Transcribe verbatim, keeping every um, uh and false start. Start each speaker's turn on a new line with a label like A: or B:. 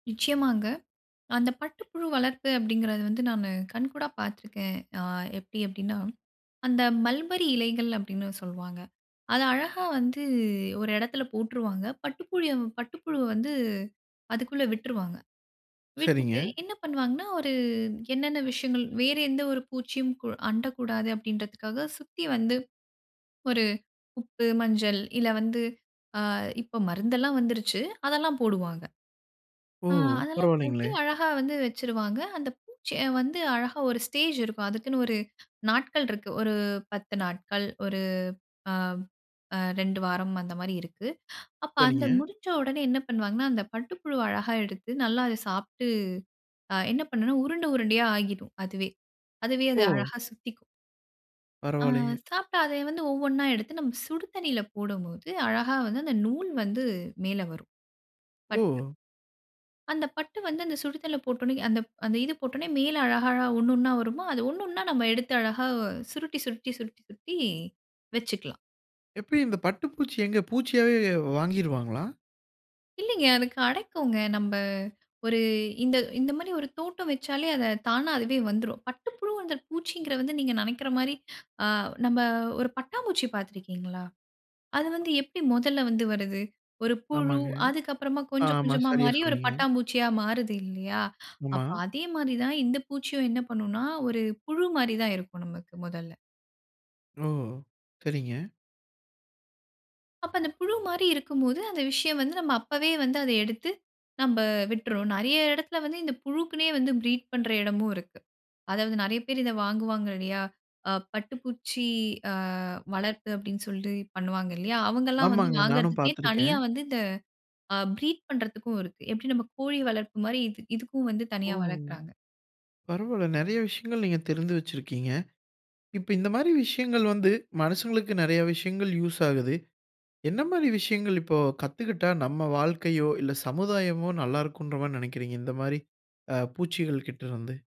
A: நிச்சயமாங்க. அந்த பட்டுப்புழு வளர்ப்பு அப்படிங்கிறது வந்து நானு கண்கூடா பார்த்துருக்கேன். ஆ எப்டி அப்டின்னா, அந்த "மல்பெரி இலைகள்." அப்டின்னு சொல்வாங்க. அத அழகா வந்து ஒரு எடத்துல போட்டுருவாங்க, பட்டுப்புழிய பட்டுப்புழுவ வந்து அதுக்குள்ள விட்ருவாங்க. விட்டுட்டு
B: சரிங்க.
A: என்ன பண்ணுவாங்கன்னா, ஒரு என்னன்ன விஷயங்கள் வேறு எந்த ஒரு பூச்சியும் அண்டக்கூடாது அப்படின்றதுக்காக, சுத்தி வந்து ஒரு உப்பு, மஞ்சள் இல்ல வந்து, ஆ இப்போ மருந்து எல்லாம் வந்திருச்சு, அதெல்லாம் போடுவாங்க.
B: ஓ!
A: ஆ அதெல்லாம் போட்டு
B: பரவால்லைங்களே!
A: அழகா வந்து வச்சுருவாங்க. அந்த பூச்சிய வந்து அழகா ஒரு ஸ்டேஜ் இருக்கும். அதுக்குன்னு ஒரு, நாட்கள் இருக்கு, ஒரு பத்து நாட்கள். ஒரு ஆம் அ ரெண்டு வாரம் அந்த மாதிரி இருக்கு. அப்போ அந்த
B: சரிங்க.
A: முடிஞ்ச உடனே என்ன பண்ணுவாங்கன்னா, அந்த பட்டு புழுவ அழகா எடுத்து, நல்லா அதை சாப்ட்டு, அ என்ன பண்ணும்னா, உருண்ட உருண்டையா ஆகிரும், அதுவே அதுவே அது
B: ஓ!
A: அழகா சுத்திக்கும். ஆ
B: பரவால்லையே.
A: சாப்பிட்டா அதை வந்து ஒவ்வொன்னா எடுத்து, நம்ம சுடு தண்ணியில போடம்போது, அழகா வந்து அந்த நூல் வந்து மேலே வரும். But
B: oh!
A: அந்த பட்டு வந்து, அந்த சுடிதண்ணீல போட்ட உடனே, அந்த அந்த இது போட்டோன்னே மேல் அழகழகா, ஒண்ணா ஒண்ணா வருமா, அது ஒ ஒனணு ஒண்ணா நாம எடுத்து அழகா, சுருட்டி சுருட்டி சுருட்டி சுருட்டி, வச்சுக்களாம்.
B: எப்டி இந்த பட்டுப்பூச்சி எங்க, பூச்சியாவே வாங்கிருவாங்களா?
A: இல்லைங்க. அது கெடைக்கும்ங்க. நம்ம ஒரு இந்த இந்த மாதிரி ஒரு தோட்டம் வச்சாலே அத தானா அதுவே வந்துரும். பட்டு புழு பூச்சிகிறத வந்து நீங்க நெனைக்கிற மாதிரி, ஆ நம்ம ஒரு பட்டாம்பூச்சி பார்த்திருக்கீங்களா? அது வந்து எப்டி மொதல்ல வந்து வருது? ஒரு புழு,
B: ஆமாங்க.
A: அதுக்கு அப்புறமாகொஞ்சம்
B: ஆமா,
A: கொஞ்சமா
B: சரியா
A: மாறி ஒரு
B: சொன்னீங்க.
A: பட்டாம்பூச்சியா மாறுது இல்லையா?
B: ஆமா.
A: அப்ப அதே மாரிதான் இந்த பூச்சியும் என்ன பண்ணும்னா ஒரு புழு மாரிதான் இருக்கும் நமக்கு மொதல்ல.
B: ஓ! சரிங்க.
A: அப்ப, அந்த புழு மாரி இருக்கும் போது, அந்த விஷயம் வந்து, நம்ம அப்பவே வந்து அத எடுத்து, நம்ப விட்டுர்றோம். நெறைய எடத்தில வந்து இந்த புழுக்குனே வந்து ப்ரீட் பண்ற எடமும் இருக்கு. அதாவது நெறைய பேரு இத வாங்குவாங்க இல்லையா? ஆ பட்டுப்பூச்சி ஆ வளர்ப்பு அப்டின்னு சொல்லி பண்ணுவாங்க இல்லையா? அவங்கள்ளாம் வந்து
B: ஆமாங்க, நானும்
A: வாங்குறதுக்குனே
B: பார்த்துருக்கேன்.
A: தனியா வந்து, இந்த ஆ ப்ரீட் பண்றதுக்கும் இருக்கு. எப்டி நம்ம கோழி வளர்ப்பு மாரி, இதுக் இதுக்கும் வந்து
B: ஓ!
A: தனியா வளக்குறாங்க.
B: பரவால்ல நெறைய விஷயங்கள், நீங்க தெரிஞ்து வச்சுருக்கீங்க. இப்ப இந்த மாரி விஷயங்கள் வந்து, மனுசங்களுக்கு நெறைய விஷயங்கள் யூஸ் ஆகுது. என்ன மாரி விஷயங்கள் இப்போ கத்துகிட்டா, நம்ம வாழ்க்கையோ, இல்ல சமுதாயமோ நல்லாருக்கும்ன்ற மாரி நெனைக்கிறீங்க. இந்த மாரி, ஆ, பூச்சிகள் கிட்ட இருந்து?